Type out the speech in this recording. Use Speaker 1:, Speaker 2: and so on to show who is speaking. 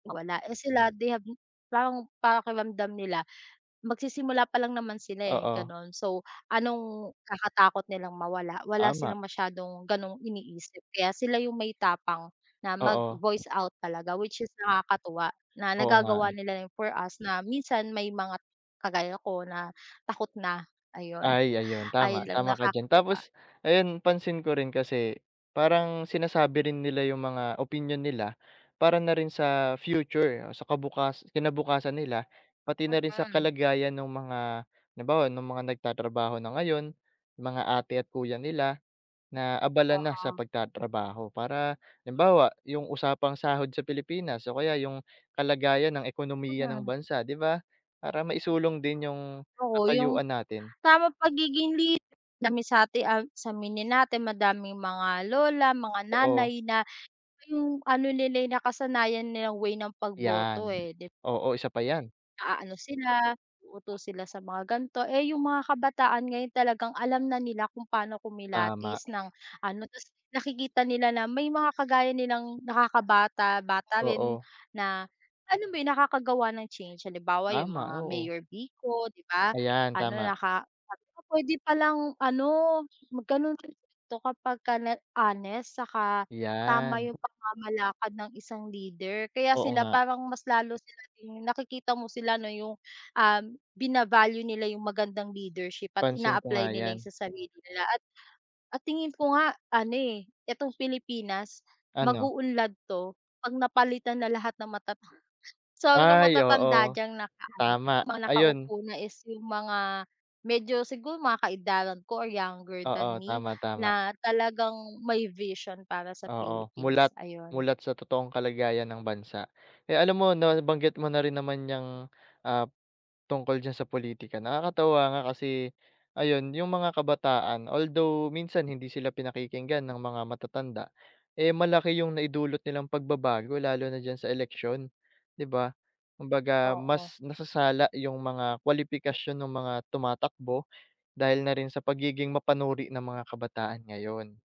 Speaker 1: Mawala eh sila, they have parang pakiramdam nila magsisimula pa lang naman sila, eh
Speaker 2: Oo.
Speaker 1: gano'n. So, anong kakatakot nilang mawala, wala
Speaker 2: Tama.
Speaker 1: silang masyadong ganong iniisip kaya sila yung may tapang na
Speaker 2: Oo.
Speaker 1: mag-voice out talaga, which is nakakatuwa na
Speaker 2: Oo nga,
Speaker 1: nagagawa
Speaker 2: eh.
Speaker 1: nila yon for us na minsan may mga kagaya ko na takot na, ayon.
Speaker 2: Ay ayun,
Speaker 1: Ayon
Speaker 2: tama,
Speaker 1: lang
Speaker 2: tama ka diyan.
Speaker 1: nakakatuwa.
Speaker 2: Tapos ayun, pansin ko rin kasi, parang sinasabi rin nila yung mga opinyon nila, para na rin sa future, sa kabukas kinabukasan nila, pati na rin sa
Speaker 1: Mhm.
Speaker 2: kalagayan nung mga halimbawa nung mga nagtatrabaho na ngayon, mga ate at kuya nila, na abala na sa
Speaker 1: Oo.
Speaker 2: pagtatrabaho para, halimbawa yung usapang sahod sa Pilipinas o kaya yung kalagayan ng ekonomiya ng
Speaker 1: Mhm.
Speaker 2: bansa, 'di ba? Para maisulong din yung
Speaker 1: Oo yung,
Speaker 2: katayuan natin.
Speaker 1: tamang pagiging leader dami sati ag sa aminin natin madaming mga lola mga
Speaker 2: Totoo.
Speaker 1: nanay na yung ano nila'y nakasanayan nilang way ng pagboto
Speaker 2: Iyan,
Speaker 1: eh, di
Speaker 2: oo isa pa 'yan.
Speaker 1: Naaano sila, uuto sila sa mga ganto, eh yung mga kabataan ngayon talagang alam na nila kung pano
Speaker 2: Tama.
Speaker 1: kumilatis ng ano, tas nakikita nila na may mga kagaya nilang nakakabata-bata rin
Speaker 2: Oo.
Speaker 1: na alam mo yung nakakagawa ng change, halimbawa yung
Speaker 2: Tama,
Speaker 1: mga
Speaker 2: oo.
Speaker 1: Mayor Vico,'di ba?
Speaker 2: Ayan,
Speaker 1: Ano,
Speaker 2: tama.
Speaker 1: naka sabi ko puwede palang ano, mag ganon rin 'to kapagka na honest, saka tama
Speaker 2: Iyan.
Speaker 1: yung pamamalakad ng isang leader. Kaya
Speaker 2: Oo
Speaker 1: sila
Speaker 2: nga.
Speaker 1: parang mas lalo sila ring, nakikita mo sila na yung, ah bina-value nila yung magandang leadership at
Speaker 2: Pansin ko
Speaker 1: ina-apply
Speaker 2: nga
Speaker 1: nila yon
Speaker 2: 'yan.
Speaker 1: sa sarili nila at at tingin ko nga, ano eh, itong Pilipinas
Speaker 2: Ano?
Speaker 1: mag-uunlad 'to 'pag napalitan na lahat ng matata sabi ng
Speaker 2: Ay,
Speaker 1: matatanda
Speaker 2: oo.
Speaker 1: diyang naka-ano
Speaker 2: Tama,
Speaker 1: mga
Speaker 2: ayun.
Speaker 1: nakaupo na is yung mga medyo siguro mga kaedaran ko or younger than
Speaker 2: Oo,
Speaker 1: me
Speaker 2: tama, tama.
Speaker 1: na talagang may vision para sa
Speaker 2: Oo, mulat,
Speaker 1: Philippines, ayun.
Speaker 2: mulat sa totoong kalagayan ng bansa. Eh, alam mo 'no nabanggit mo na rin naman 'yang, ah, tungkol diyan sa pulitika, nakakatuwa nga kasi, ayun, yung mga kabataan although minsan hindi sila pinakikinggan ng mga matatanda, eh, malaki yung naidulot nilang pagbabago lalo na diyan sa eleksyon, 'di ba? Kumbaga
Speaker 1: Oo.
Speaker 2: mas nasasala yung mga kwalipikasyon nung mga tumatakbo dahil na rin sa pagiging mapanuri ng mga kabataan ngayon.